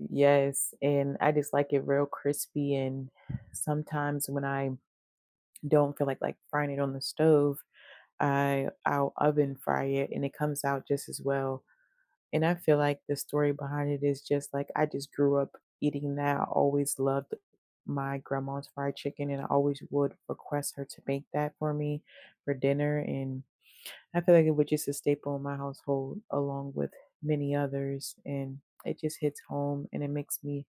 N Yes, and I just like it real crispy, and sometimes when I don't feel like, like, frying it on the stove, I I'll oven fry it, and it comes out just as well, and I feel like the story behind it is just like I just grew up eating that, always loved my grandma's fried chicken, and I always would request her to make that for me for dinner, and I feel like it was just a staple in my household along with many others, and it just hits home, and it makes me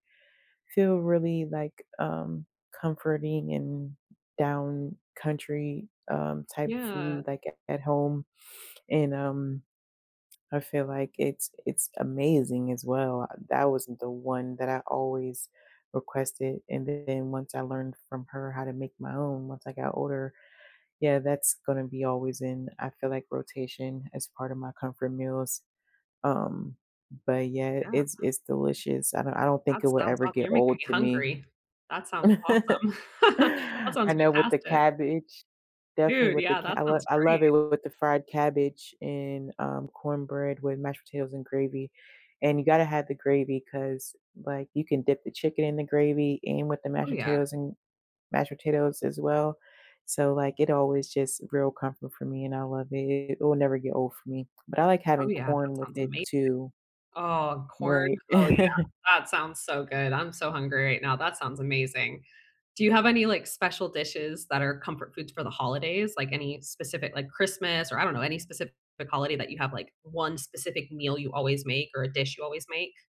feel really, like, um, comforting, and down country, um, type of Yeah. food like at at home, and, um, I feel like it's it's amazing as well, I that wasn't the one that I always requested, and then once I learned from her how to make my own once I got older, yeah, that's gonna be always in, I feel, like, rotation as part of my comfort meals, um, but yeah, Yeah. it's it's delicious, I don't I don't think That it will sounds ever aw get You're making old me to me. hungry. That sounds awesome. That I sounds know with the fantastic. cabbage, definitely Dude, with the yeah, ca that I lo sounds I great. love it with the fried cabbage, and, um, cornbread with mashed potatoes and gravy, and you gotta have the gravy 'cause, like, you can dip the chicken in the gravy, and with the mashed Oh yeah. potatoes and mashed potatoes as well, so, like, it always just real comfort for me, and I love it, it will never get old for me, but I like Oh having yeah, that corn with sounds it amazing too. oh, corn? Right. Oh yeah, that sounds so good, I'm so hungry right now, that sounds amazing. Do you have any, like, special dishes that are comfort foods for the holidays, like any specific, like, Christmas, or I don't know any specific, like, holiday that you have, like, 1 specific meal you always make, or a dish you always make?